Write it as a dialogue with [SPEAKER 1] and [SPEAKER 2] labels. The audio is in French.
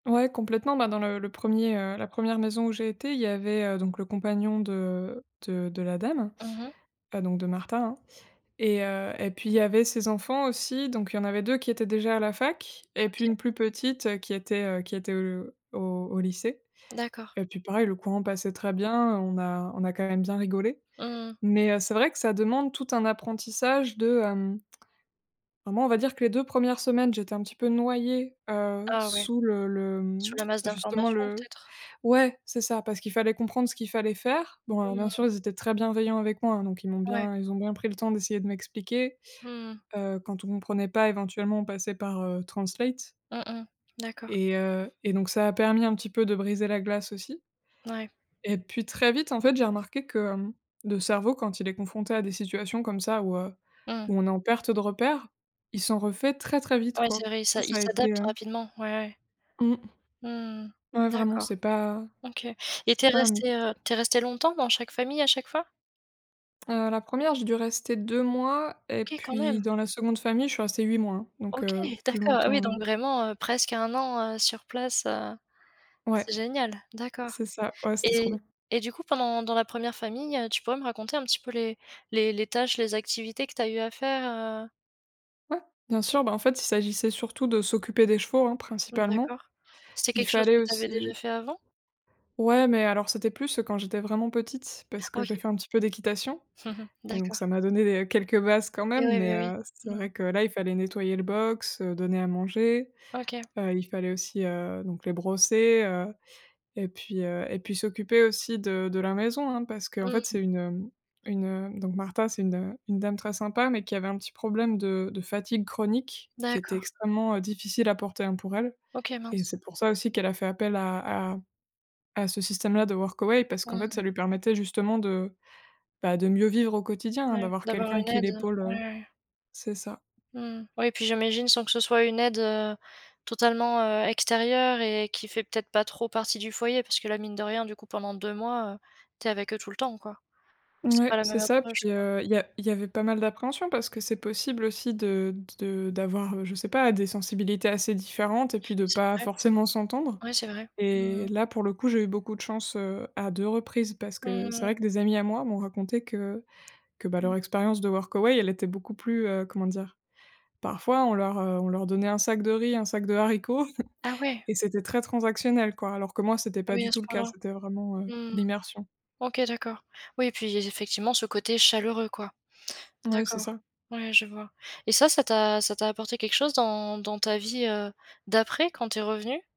[SPEAKER 1] Ouais, complètement, bah, dans le le 1er, heu, la 1ʳᵉ maison où j'ai été, il y avait donc le compagnon de de de la dame,
[SPEAKER 2] Mmh mh.
[SPEAKER 1] heu, donc de Martha, hein. Et, heu, et puis il y avait ses enfants, aussi, donc il y en avait 2 qui étaient déjà à la fac et puis
[SPEAKER 2] OK.
[SPEAKER 1] une plus petite qui était, heu, qui était, heu, au au lycée.
[SPEAKER 2] D'accord.
[SPEAKER 1] Et puis pareil, le courant passait très bien, on a on a quand même bien rigolé.
[SPEAKER 2] Mmh mh.
[SPEAKER 1] Mais, heu, c'est vrai que ça demande tout un apprentissage de, hem bah, moi, on va dire que les 2 1res semaines j'étais un petit peu noyée, heu,
[SPEAKER 2] Ah, ouais.
[SPEAKER 1] sous le le
[SPEAKER 2] Sous la masse
[SPEAKER 1] justement
[SPEAKER 2] d'informations,
[SPEAKER 1] le
[SPEAKER 2] peut-être?
[SPEAKER 1] ouais c'est ça, parce qu'il fallait comprendre ce qu'il fallait faire. Bon, alors,
[SPEAKER 2] Mmh
[SPEAKER 1] bien sûr,
[SPEAKER 2] mh.
[SPEAKER 1] ils étaient très bienveillants avec moi, donc ils m'ont
[SPEAKER 2] Ouais.
[SPEAKER 1] bien ils ont bien pris le temps d'essayer de m'expliquer.
[SPEAKER 2] Mmh mh.
[SPEAKER 1] Heu, quand on comprenait pas, éventuellement, on passait par, heu, Translate
[SPEAKER 2] Mmh mh. D'accord.
[SPEAKER 1] et heu et donc ça a permis un petit peu de briser la glace, aussi
[SPEAKER 2] Ouais.
[SPEAKER 1] et puis, très vite, en fait, j'ai remarqué que, hem, le cerveau, quand il est confronté à des situations comme ça, où, heu,
[SPEAKER 2] Mmh mh.
[SPEAKER 1] où on est en perte de repères, ils sont refaits très, très vite,
[SPEAKER 2] Ouais,
[SPEAKER 1] quoi.
[SPEAKER 2] c'est vrai, il
[SPEAKER 1] Ça,
[SPEAKER 2] s'a il
[SPEAKER 1] ça a été,
[SPEAKER 2] s'adapte
[SPEAKER 1] heu
[SPEAKER 2] rapidement, ouais, ouais.
[SPEAKER 1] Mmh.
[SPEAKER 2] Mmh mh,
[SPEAKER 1] Ouais, vraiment,
[SPEAKER 2] d'accord.
[SPEAKER 1] c'est pas
[SPEAKER 2] OK. Et tu
[SPEAKER 1] c'est
[SPEAKER 2] es
[SPEAKER 1] pas un mythe.
[SPEAKER 2] restée, heu, tu es restée longtemps dans chaque famille, à chaque fois?
[SPEAKER 1] Heu, la 1re, j'ai dû rester 2 mois et
[SPEAKER 2] OK, quand
[SPEAKER 1] puis
[SPEAKER 2] même!
[SPEAKER 1] dans la 2de famille je suis restée 8 mois, donc,
[SPEAKER 2] OK!
[SPEAKER 1] heu, plus
[SPEAKER 2] D'accord. Ah oui,
[SPEAKER 1] longtemps,
[SPEAKER 2] donc,
[SPEAKER 1] heu
[SPEAKER 2] vraiment, heu, presque un an, heu, sur place, heu,
[SPEAKER 1] Ouais.
[SPEAKER 2] c'est génial! D'accord.
[SPEAKER 1] C'est ça. Ouais, c'était trop
[SPEAKER 2] Et
[SPEAKER 1] bien.
[SPEAKER 2] et du coup, pendant dans la 1re famille, tu pourrais me raconter un petit peu les les les tâches, les activités que tu as eu à faire, heu?
[SPEAKER 1] Ouais, bien sûr. Bah, en fait, il s'agissait surtout de s'occuper des chevaux, hein,
[SPEAKER 2] Mmh,
[SPEAKER 1] principalement.
[SPEAKER 2] d'accord. C'est
[SPEAKER 1] Il
[SPEAKER 2] quelque chose
[SPEAKER 1] fallait
[SPEAKER 2] que tu avais déjà
[SPEAKER 1] aussi
[SPEAKER 2] fait, avant?
[SPEAKER 1] Ouais, mais alors, c'était plus, heu, quand j'étais vraiment petite, parce que
[SPEAKER 2] Ah,
[SPEAKER 1] j'ai
[SPEAKER 2] OK.
[SPEAKER 1] fait un petit peu d'équitation et donc
[SPEAKER 2] D'accord.
[SPEAKER 1] ça m'a donné des quelques bases, quand
[SPEAKER 2] Et
[SPEAKER 1] même,
[SPEAKER 2] ouais,
[SPEAKER 1] mais,
[SPEAKER 2] beh oui,
[SPEAKER 1] heu, c'est
[SPEAKER 2] mmh.
[SPEAKER 1] vrai que, là, il fallait nettoyer le box, heu, donner à manger,
[SPEAKER 2] OK.
[SPEAKER 1] heu, il fallait aussi, heu, donc, les brosser, heu, et puis, heu, et puis s'occuper aussi de de la maison, hein, parce qu'en
[SPEAKER 2] Mmh
[SPEAKER 1] fait, c'est
[SPEAKER 2] mh.
[SPEAKER 1] une une donc Martha, c'est une une dame très sympa, mais qui avait un petit problème de de fatigue chronique, qui était
[SPEAKER 2] D'accord.
[SPEAKER 1] extrêmement, heu, difficile à porter, hein, pour elle.
[SPEAKER 2] OK,
[SPEAKER 1] Et
[SPEAKER 2] mince.
[SPEAKER 1] c'est pour ça aussi qu'elle a fait appel à à à ce système-là de Workaway, parce qu'en
[SPEAKER 2] Mmh
[SPEAKER 1] fait, ça
[SPEAKER 2] mh.
[SPEAKER 1] lui permettait justement de, bah, de mieux vivre au quotidien, hein,
[SPEAKER 2] Ouais,
[SPEAKER 1] d'avoir
[SPEAKER 2] d'avoir
[SPEAKER 1] quelqu'un
[SPEAKER 2] une
[SPEAKER 1] qui
[SPEAKER 2] aide,
[SPEAKER 1] l'épaule,
[SPEAKER 2] ouais,
[SPEAKER 1] heu
[SPEAKER 2] ouais.
[SPEAKER 1] c'est ça.
[SPEAKER 2] Mmh mh. Oui, et puis j'imagine, sans que ce soit une aide, heu, totalement, heu, extérieure et qui fait peut-être pas trop partie du foyer, parce que là, mine de rien, du coup, pendant 2 mois, heu, tu es avec eux tout le temps, quoi. C'est
[SPEAKER 1] Mouais,
[SPEAKER 2] pas la
[SPEAKER 1] c'est
[SPEAKER 2] même
[SPEAKER 1] ça,
[SPEAKER 2] approche,
[SPEAKER 1] puis,
[SPEAKER 2] quoi.
[SPEAKER 1] heu, il y a il y avait pas mal d'appréhensions, parce que c'est possible aussi de de de d'avoir, je sais pas, des sensibilités assez différentes et puis de
[SPEAKER 2] C'est
[SPEAKER 1] pas
[SPEAKER 2] vrai.
[SPEAKER 1] forcément s'entendre.
[SPEAKER 2] Ouais, c'est vrai. Mmh
[SPEAKER 1] Et
[SPEAKER 2] mh.
[SPEAKER 1] là, pour le coup j'ai eu beaucoup de chance, heu, à 2 reprises, parce
[SPEAKER 2] Mmh
[SPEAKER 1] que c'est
[SPEAKER 2] mh.
[SPEAKER 1] vrai que des amis à moi m'ont raconté que que, bah,
[SPEAKER 2] Mmh.
[SPEAKER 1] leur expérience de Workaway, elle était beaucoup plus, heu, comment dire parfois on leur, heu, on leur donnait un sac de riz, un sac de haricots
[SPEAKER 2] Ah ouais!
[SPEAKER 1] et c'était très transactionnel, quoi, alors que moi, c'était
[SPEAKER 2] Ah
[SPEAKER 1] pas
[SPEAKER 2] oui,
[SPEAKER 1] du
[SPEAKER 2] à ce
[SPEAKER 1] tout le cas,
[SPEAKER 2] point-là.
[SPEAKER 1] c'était vraiment, heu,
[SPEAKER 2] Mmh mh.
[SPEAKER 1] l'immersion.
[SPEAKER 2] OK, d'accord. Oui, et puis, effectivement, ce côté chaleureux, quoi.
[SPEAKER 1] Ouais, c'est
[SPEAKER 2] D'accord,
[SPEAKER 1] ça.
[SPEAKER 2] ouais, je vois. Et ça, ça t'a ça t'a apporté quelque chose, dans dans ta vie, heu, d'après, quand tu es revenue?